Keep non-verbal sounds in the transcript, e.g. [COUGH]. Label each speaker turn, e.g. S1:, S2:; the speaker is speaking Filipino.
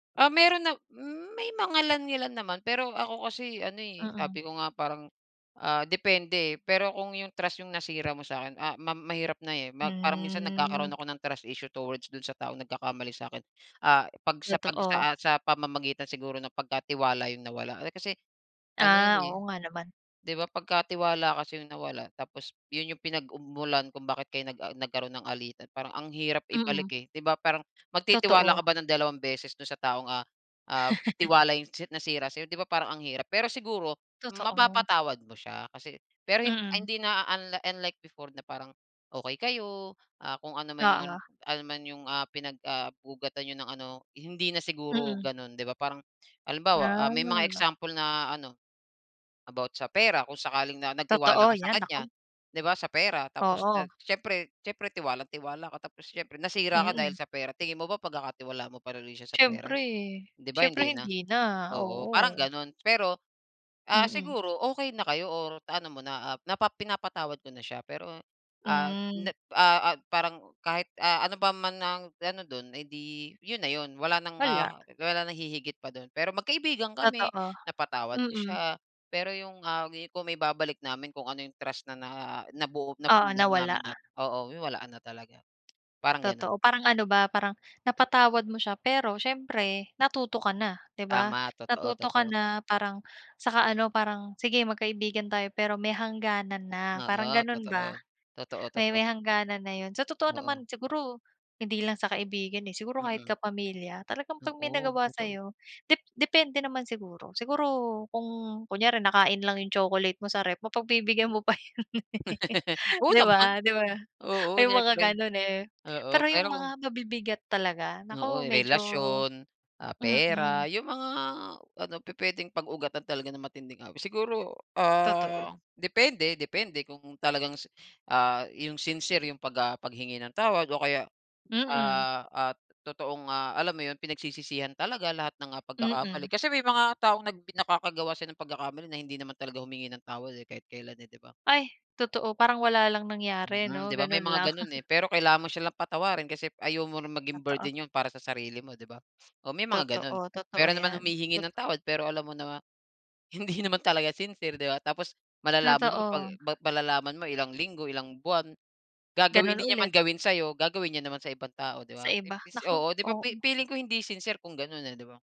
S1: Ah, meron na may mangilan-ilan naman pero ako kasi ano, eh,
S2: Mm.
S1: sabi ko nga parang, ah, depende, eh, pero kung 'yung trust 'yung nasira mo sa'kin, ah, mam mahirap na, eh, ma parang minsan
S2: Hmm.
S1: nagkakaroon ako ng trust issue towards dun sa taong nagkakamali sa'kin, ah, 'pag sa 'pag sa,
S2: Totoo.
S1: ah, sa pamamagitan siguro ng pagka tiwala 'yung nawala. Eh, kasi ano 'yun,
S2: Ah,
S1: eh,
S2: oo nga naman.
S1: 'di ba pagka tiwala kasi 'yung nawala tapos 'yun 'yung pinag-ug mulan kung bakit kayo nag ah, nagkaroon ng alitan parang ang hirap ibalik,
S2: Mm.
S1: eh, 'di ba parang magtitiwala
S2: Totoo.
S1: ka ba ng dalawang beses do'n sa taong, ah, ah,
S2: [LAUGHS]
S1: tiwala 'yong si nasira sa'yo 'di ba, parang ang hirap. Pero siguro
S2: Totoo.
S1: mapapatawad mo siya kasi pero hin ah,
S2: Mm.
S1: hindi na unli unlike before na parang, okey kayo, ah, kung ano man 'yung
S2: Oo.
S1: ano naman 'yong, ah, pinag, ah, ugatan niyo ng ano hindi na siguro
S2: Mm.
S1: ganun. 'Di ba parang halimbawa, ah, may mga
S2: Ah.
S1: example na ano, about sa pera kung sakaling na nagtiwala
S2: Totoo,
S1: ka sa
S2: 'yan
S1: kanya,
S2: naku.
S1: 'di ba sa pera tapos
S2: Oo.
S1: nag siyempre siyempre tiwalang-tiwala ka tapos siyempre nasira ka dahil
S2: Mm.
S1: sa pera. Tingin mo ba pagkakatiwalaan mo pa rin uli siya sa pera?
S2: Siyempre,
S1: 'Di ba
S2: siyempre
S1: hindi na?
S2: hindi na,
S1: Oo, parang
S2: oo.
S1: gano'n, Pero, ah,
S2: Mm.
S1: siguro okey na kayo or naano mo na, ah, napa pinapatawad mo na siya pero, ah, na
S2: Hmm.
S1: ah, ah parang kahit, ah, ano pa man ang ano dun, eh, 'di 'yun na 'yun wala ng,
S2: Wala.
S1: ah, wala nang hihigit pa dun. Pero magkaibigan kami,
S2: Totoo,
S1: napatawad ko
S2: mm.
S1: siya, pero 'yung, ah, kung maibabalik namin kung ano 'yung trust na na nabuo,
S2: Oo
S1: napundar
S2: nawala.
S1: namin na oo, wala na talaga, parang ganun.
S2: Totoo, parang ano ba, parang napatawad mo siya pero siyempre natuto ka na, 'di ba.
S1: Tama, totoo,
S2: Natuto ka
S1: totoo.
S2: na, parang saka ano, parang sige magkaibigan tayo pero may hangganan na, parang
S1: Oo,
S2: gano'n ba,
S1: totoo. Totoo,
S2: may
S1: totoo.
S2: may hangganan na 'yon. Sa totoo
S1: Oo.
S2: naman, siguro hindi lang sa kaibigan, eh, siguro kahit
S1: Mm.
S2: kapamilya talagang 'pag may
S1: Oo,
S2: nagawa
S1: totoo.
S2: sa'yo dep depende naman siguro. Siguro kung kunyari nakain lang 'yong chocolate mo sa ref, mapagbibigyan mo pa yon eh,
S1: [LAUGHS] Oo
S2: 'di
S1: naman.
S2: ba, 'di ba,
S1: Oo,
S2: may mga
S1: siyempre.
S2: gano'n eh.
S1: Oo,
S2: Pero 'yung
S1: pero
S2: mga
S1: kung
S2: mabibigat talaga,
S1: Oo,
S2: naku
S1: 'yung
S2: medyo
S1: relasyon, ah, pera,
S2: mm.
S1: 'yung mga ano pupuwedeng pag-ugatan talaga ng matinding away. Siguro,
S2: Totoo.
S1: ah, depende depende kung talagang, ah, 'yung sincere 'yung 'pag, ah, paghingi ng tawad o kaya,
S2: Mm.
S1: ah, at totoong, ah, alam mo 'yun pinagsisisihan talaga lahat ng, ah, pagkakamali.
S2: Mm.
S1: Kasi may mga taong nag nakakagawa siya ng pagkakamali na hindi naman talaga humingi ng tawad eh, kahit kelan eh, 'di ba.
S2: Ay totoo, parang wala lang nangyari
S1: Mm,
S2: 'no,
S1: 'di ba may
S2: gano'n
S1: mga
S2: lang.
S1: gano'n, eh,
S2: [CHUCKLES]
S1: pero kailangan mo silang patawarin kasi ayaw mo na maging
S2: Totoo.
S1: burden 'yun para sa sarili mo 'di ba. O may mga gano'n,
S2: Totoo, totoo
S1: meron naman
S2: 'yan,
S1: humihingi ng
S2: totoo.
S1: tawad pero alam mo na, hindi naman talaga sincere, 'di ba tapos, malalaman mo 'pag
S2: Totoo.
S1: malalaman mo ilang linggo, ilang buwan, gagawin
S2: Ganun
S1: hindi niya man
S2: ulit.
S1: gawin sa'yo, gagawin niya naman sa ibang tao 'di
S2: Sa
S1: ba.
S2: iba,
S1: Imbes
S2: naku!
S1: oo 'di ba.
S2: Oo.
S1: Fi-feeling ko hindi sincere kung gano'n eh 'di ba.